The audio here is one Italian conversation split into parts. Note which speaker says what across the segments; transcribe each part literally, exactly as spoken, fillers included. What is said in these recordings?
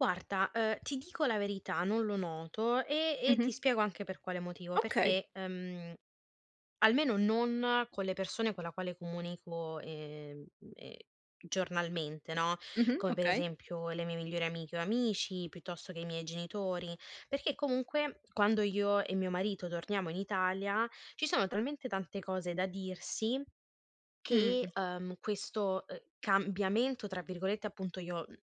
Speaker 1: Guarda, uhm, ti dico la verità, non lo noto, e e ti
Speaker 2: Mh-mh.
Speaker 1: spiego anche per quale motivo:
Speaker 2: Okay.
Speaker 1: perché, ehm, almeno non con le persone con la quale comunico, ehm, ehm, giornalmente, no,
Speaker 2: Mh-mh,
Speaker 1: come per
Speaker 2: okay.
Speaker 1: esempio: le mie migliori amiche, o amici, piuttosto che i miei genitori; perché comunque, quando io e mio marito torniamo in Italia, ci sono talmente tante cose da dirsi che,
Speaker 2: Mh-mh.
Speaker 1: uhm, questo, uhm, "cambiamento," tra virgolette, appunto, io mhmm,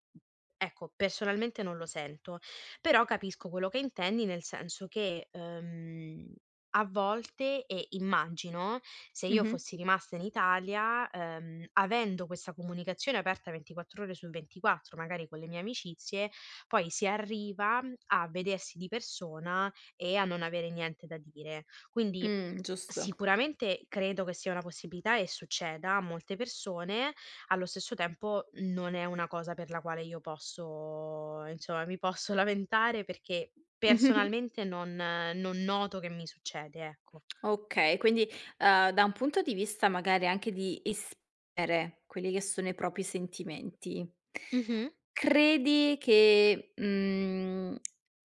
Speaker 1: ecco, personalmente non lo sento, però capisco quello che intendi, nel senso che, uhm, a volte e immagino, se io
Speaker 2: Mh-mh.
Speaker 1: fossi rimasta in Italia, ehm, avendo questa comunicazione aperta ventiquattro ore su ventiquattro, magari con le mie amicizie, poi si arriva m a vedersi di persona, e a non avere niente da dire. Quindi,
Speaker 2: Mh, giusto.
Speaker 1: sicuramente credo che sia una possibilità e succeda a molte persone, allo stesso tempo, non è una cosa per la quale io posso insomma, mi posso lamentare, perché personalmente non non noto che mi succede, ecco.
Speaker 2: Okay, quindi, uhm, da un punto di vista, magari, anche di espere, quelli che sono i propi sentimenti,
Speaker 1: Mh-mh.
Speaker 2: credi che, mhmm,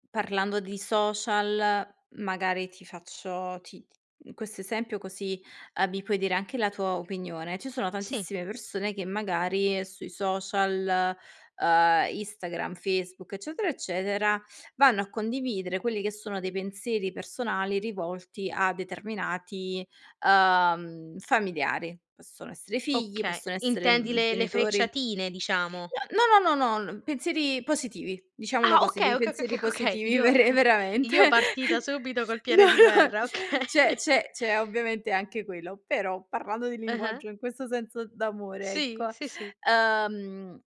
Speaker 2: parlando di social, magari ti faccio ti t mhmm, questo esempio, così, uhm, mi puoi dire anche la tua opinione. Ci sono
Speaker 1: Sì.
Speaker 2: tantissime persone che, magari, sui social, uhm, istagram, Facebook eccetera, eccetera, vanno a condividere, quelli che sono dei pensieri personali rivolti a determinati, uhm, familiari. Possono essere figli,
Speaker 1: Okay,
Speaker 2: possono essere,
Speaker 1: intendi
Speaker 2: mhmm,
Speaker 1: le le
Speaker 2: ghenitori
Speaker 1: frecciatine, diciamo.
Speaker 2: no, no, no, no, non pensieri positivi, diciamolo
Speaker 1: Ah,
Speaker 2: così,
Speaker 1: okay,
Speaker 2: dei
Speaker 1: oka oka oka
Speaker 2: pensieri
Speaker 1: oka okay,
Speaker 2: positivi
Speaker 1: io
Speaker 2: verre veramente.
Speaker 1: io partita subito col
Speaker 2: No,
Speaker 1: piede di
Speaker 2: no,
Speaker 1: guerra, okay.
Speaker 2: c'è c'è c'è ovviamente anche quello, però, parlando di
Speaker 1: Eh, eh.
Speaker 2: linguaggio in questo senso d'amore,
Speaker 1: Sì.
Speaker 2: ecco.
Speaker 1: Sì, sì.
Speaker 2: Uhm,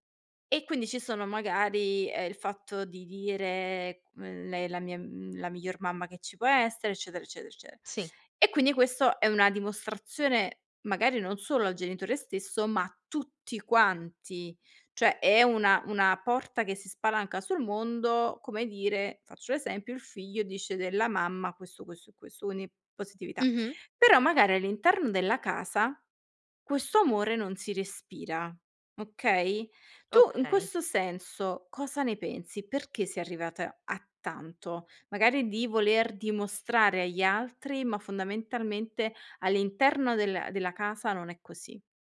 Speaker 2: e quindi ci sono magari ehm, il fatto di dire, mhmm: "Lei è la mia mhmm, la miglior mamma che ci può essere, eccetera, eccetera, ecce"
Speaker 1: Sì.
Speaker 2: e quindi questo è una dimostrazione, magari non solo al genitore stesso, ma a tutti quanti. Cioè, è una una porta che si spalanca sul mondo, come dire, faccio l'esempio, il figlio dice della mamma questo, questo e questo, quindi positività;
Speaker 1: Mh-mh.
Speaker 2: però, magari all'interno della casa questo amore non si respira, okay, tu in
Speaker 1: Okay.
Speaker 2: questo senso, cosa ne pensi? Perché sei arrivata a tanto? Magari di voler dimostrare agli altri, ma fondamentalmente all'interno della della casa non è così.